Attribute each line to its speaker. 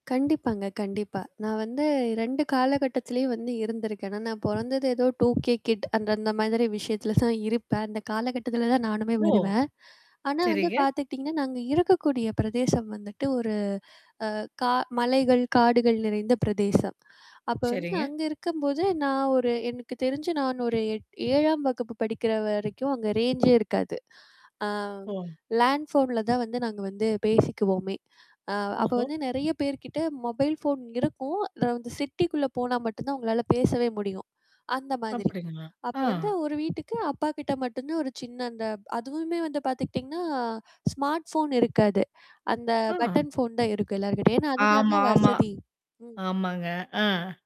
Speaker 1: கண்டிப்பாங்க, கண்டிப்பா. நான் வந்து 2 காலகட்டத்திலேயும் வந்து இருந்திருக்கேன். ஆனா, நான் பொறந்தது ஏதோ டூகே கிட் அந்த, அந்த மாதிரி விஷயத்தல தான் இருப்பன். அந்த காலகட்டத்துல தான் நானுமே
Speaker 2: ஓ!
Speaker 1: வருவேன். ஆனா வந்து
Speaker 2: சரிங்க.
Speaker 1: பாத்துக்கிட்டீங்கன்னா, நான் அங்க இருக்கக்கூடிய பிரதேசம் வந்துட்டு, ஒரு அ கா மலைகள், காடுகள் நிறைந்த பிரதேசம். அப்ப வந்து,
Speaker 2: சரிங்க.
Speaker 1: அங்க இருக்கும்போது நான் ஒரு எனக்கு தெரிஞ்சு நான் ஒரு எட் 7ஆம் வகுப்பு படிக்கிற வரைக்கும் அங்க ரேஞ்சே இருக்காது. ஆ
Speaker 2: ஓ.
Speaker 1: லேண்ட் ஃபோன்ல தான் வந்து நாங்க வந்து பேசிக்குவோமே. அ அப்ப
Speaker 2: ஒஹோ!
Speaker 1: வந்து நெறைய பேர்கிட்ட மொபைல் ஃபோன் இருக்கும். அத வந்து சிட்டிக்குள்ள போனா மட்டும் தான், உங்களால பேசவே முடியும். அந்த மாதிரி.
Speaker 2: அப்படிங்களா?
Speaker 1: அப்ப
Speaker 2: ஆ.
Speaker 1: வந்து ஒரு வீட்டுக்கு அப்பா கிட்ட மட்டும் தான் ஒரு சின்ன அந்த அதுவுமே வந்து பாத்துக்கிட்டீங்கன்னா, ஸ்மார்ட் ஃபோன் இருக்காது. அந்த
Speaker 2: ஆ!
Speaker 1: பட்டன் ஃபோன் தான் இருக்கும் எல்லார்கிட்டயும். ஏன்னா அதுதான
Speaker 2: ஆமாாமா!
Speaker 1: வசதி. ம்.
Speaker 2: ஆமாங்க, அ.